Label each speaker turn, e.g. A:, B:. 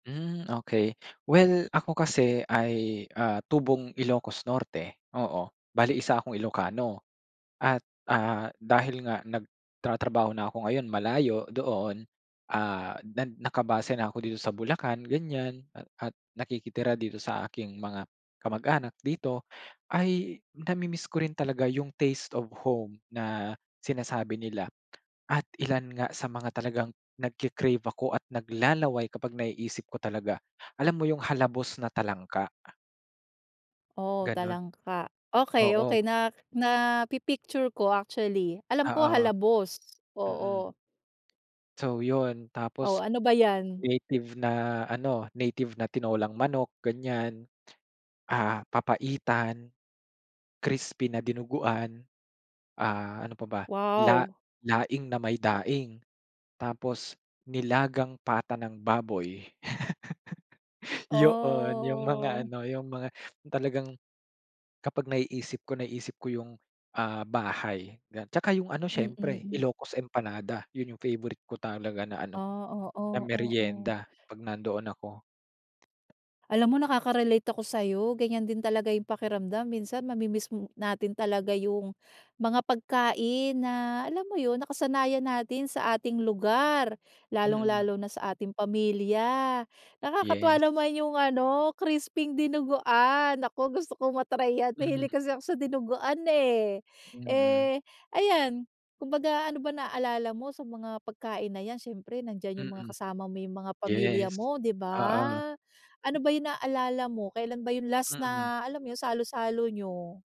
A: Hmm, okey. Well, ako kasi ay, ah, tubong Ilocos Norte, oo. Bale, 1 akong Ilocano. At ah, dahil nga nagtratrabaho na ako ngayon, malayo doon, ah, nan nakabase na ako dito sa Bulacan, ganyan. A at nakikitira dito sa aking mga kamag-anak dito, ay namimiss ko rin talaga yung taste of home na sinasabi nila. At ilan nga sa mga talagang nagke-crave ako at naglalaway kapag naiisip ko talaga, alam mo yung halabos na talangka?
B: Oh,
A: Ganun.
B: talangka. Okey, okey.
A: Oo.
B: Na napi-picture ko actually. Alam ko
A: Oo.
B: halabos,
A: Mhm.
B: oo.
A: So yun.
B: O,
A: Tapos
B: ano ba yan?
A: native na ano, native na tinolang manok, ganyan. Ah, papaitan, crispy na dinuguan. Ah, ano pa ba? La
B: Wow.
A: laing na may daing. Tapos, nilagang pata ng baboy. Yo-'on yung mga
B: Oh.
A: ano yung mga talagang, kapag naiisip ko, naisip ko yung, ah, bahay ga 'tsaka yung ano
B: Mm,
A: siyempre,
B: hmm.
A: Ilocos Empanada. Yun yung favorite ko talaga na ano,
B: Ah,
A: na
B: oo, oo.
A: meryenda 'pag nandoon ako.
B: Alam mo, nakaka-relate ako sa'yo. Ganyan din talaga yung pakiramdam. Minsan, mamimiss mo natin talaga yung mga pagkain na alam mo yun, nakasanayan natin sa ating lugar,
A: Mm.
B: lalong-lalo na sa ating pamilya. Nakakatuwa
A: Yes.
B: naman yung ano, crisping dinuguan. Naku, gusto kong ma-try yan,
A: Mm.
B: mahilig kasi ako sa dinuguan eh.
A: Mm.
B: Eh ayan, kumbaga ano ba naalala mo sa mga pagkain na yan, siyempre nandiyan yung mga
A: Mm,
B: kasama mo yung mga pamilya
A: yes,
B: mo, 'di
A: oo.
B: ba? Ano ba yung naalala mo, kailan ba yung last
A: Mm.
B: na alam mo yun, salu-salo niyo?